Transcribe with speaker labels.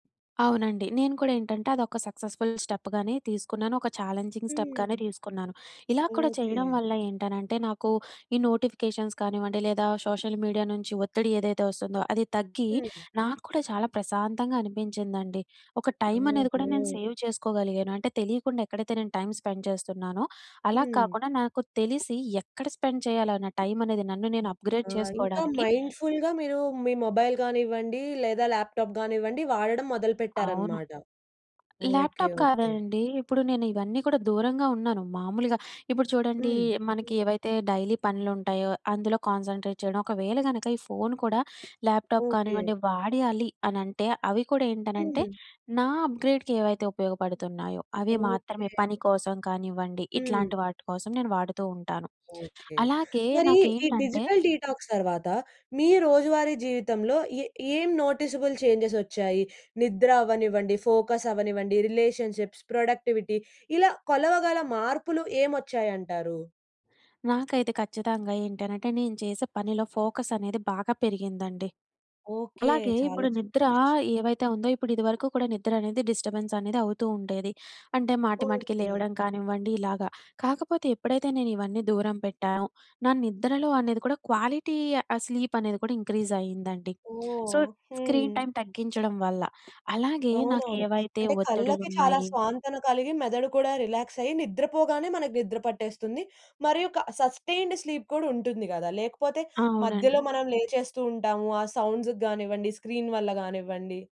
Speaker 1: అవునండి నేను కూడా ఏంటంటే అది ఒక సక్సెస్ఫుల్ స్టెప్ గానే తీసుకున్నాను, ఒక ఛాలెంజింగ్ స్టెప్ గానే
Speaker 2: హ్మ్.
Speaker 1: తీసుకున్నాను ఇలా కూడా చేయడం
Speaker 2: ఓకె.
Speaker 1: వల్ల ఏంటనంటే నాకు ఈ నోటిఫికేషన్స్ కానివ్వండి లేదా సోషల్ మీడియా నుంచి ఒత్తిడి ఏదైతే వస్తుందో అది తగ్గి,
Speaker 2: హ్మ్.
Speaker 1: నాకు కూడా చాలా ప్రశాంతంగా అనిపించిందండి. ఒక టైం అనేది కూడా
Speaker 2: ఓహో!
Speaker 1: నేను సేవ్ చేసుకోగలిగాను. అంటే తెలీకుండా ఎక్కడైతే నేను టైమ్ స్పెండ్ చేస్తున్నానో, అలా
Speaker 2: హ్మ్.
Speaker 1: కాకుండా నాకు తెలిసి ఎక్కడ స్పెండ్ చేయాలా నా టైం అనేది నన్ను నేను
Speaker 2: అ
Speaker 1: అప్గ్రేడ్
Speaker 2: ఆ! ఇంకా
Speaker 1: చేసుకోవడానికి
Speaker 2: మైండ్ ఫుల్‌గా మీరు మీ మొబైల్ గానివ్వండి లేదా ల్యాప్టాప్ గానివ్వండి వాడడం
Speaker 1: అవును.
Speaker 2: మొదలుపెట్టారన్నమాట. Okay
Speaker 1: laptop
Speaker 2: okay.
Speaker 1: కాదండి ఇప్పుడు నేను ఇవన్నీ కూడా దూరంగా ఉన్నాను మామూలుగ, ఇప్పుడు చూడండి
Speaker 2: హ్మ్.
Speaker 1: మనకి ఏవైతే డైలీ పనులు ఉంటాయో, అందులో కాన్సంట్రేట్ చేయడం. ఒకవేళ గనుక ఈ ఫోను కూడా ల్యాప్టాప్
Speaker 2: ఓకె.
Speaker 1: కానివ్వండి వాడాలి అనంటే అవి కూడా ఏంటనంటే
Speaker 2: హ్మ్.
Speaker 1: నా అప్గ్రేడ్‌కి ఏవైతే ఉపయోగపడుతున్నాయో అవి
Speaker 2: ఓకె.
Speaker 1: మాత్రమే. పని కోసం కానివ్వండి,
Speaker 2: హ్మ్.
Speaker 1: ఇట్లాంటి వాటి కోసం నేను వాడుతూ ఉంటాను.
Speaker 2: ఓకె.
Speaker 1: అలాగే
Speaker 2: మరీ ఈ
Speaker 1: నాకేంటంటే
Speaker 2: డిజిటల్ డీటాక్స్ తర్వాత, మీ రోజువారీ జీవితంలో ఎ ఏం నోటిసబుల్ చేంజెస్ వచ్చాయి. నిద్ర అవ్వనివ్వండి, ఫోకస్ అవ్వనివ్వండి, రిలేషన్షిప్స్, ప్రొడక్టివిటీ ఇలా కొలవగల మార్పులు ఏమొచ్చాయంటారు?
Speaker 1: నాకైతే ఖచ్చితంగా ఏంటనంటే నేను చేసే పనిలో ఫోకస్ అనేది బాగా పెరిగిందండి.
Speaker 2: ఓకె.
Speaker 1: అలాగే
Speaker 2: చాలా
Speaker 1: ఇప్పుడు
Speaker 2: చక్కటి
Speaker 1: నిద్ర
Speaker 2: విషయం.
Speaker 1: ఏవైతే ఉందో ఇప్పుడు ఇదివరకు కూడా నిద్ర అనేది డిస్టర్బెన్స్ అనేది అవుతూ ఉండేది. అంటే మాటి మాటికి
Speaker 2: ఓకె.
Speaker 1: లేవడం కానివ్వండి ఇలాగ. కాకపోతే ఎప్పుడైతే నేను ఇవన్నీ దూరం పెట్టానో, నా నిద్రలో అనేది కూడా క్వాలిటీ ఆహ్, స్లీప్ అనేది కూడా ఇంక్రీజ్ అయిందండి. సో
Speaker 2: ఓహ్!
Speaker 1: స్క్రీన్
Speaker 2: హ్మ్.
Speaker 1: టైమ్ తగ్గించడం వల్ల. అలాగే
Speaker 2: అవునవును.
Speaker 1: నాకెవైతే
Speaker 2: అంటే కళ్ళకి చాలా
Speaker 1: ఒత్తడిలున్నాయి
Speaker 2: స్వాంతన కలిగి మెదడు కూడా రిలాక్స్ అయ్యి, నిద్రపోగానే మనకు నిద్ర పట్టేస్తుంది. మరియు క సస్టైన్డ్ స్లీప్ కూడా ఉంటుంది గద. లేకపోతే
Speaker 1: అవునండి.
Speaker 2: మధ్యలో మనం లేచేస్తూ ఉంటాము. ఆ సౌండ్స్‌కి గానివ్వండి, స్క్రీన్ వల్ల గానివ్వండి.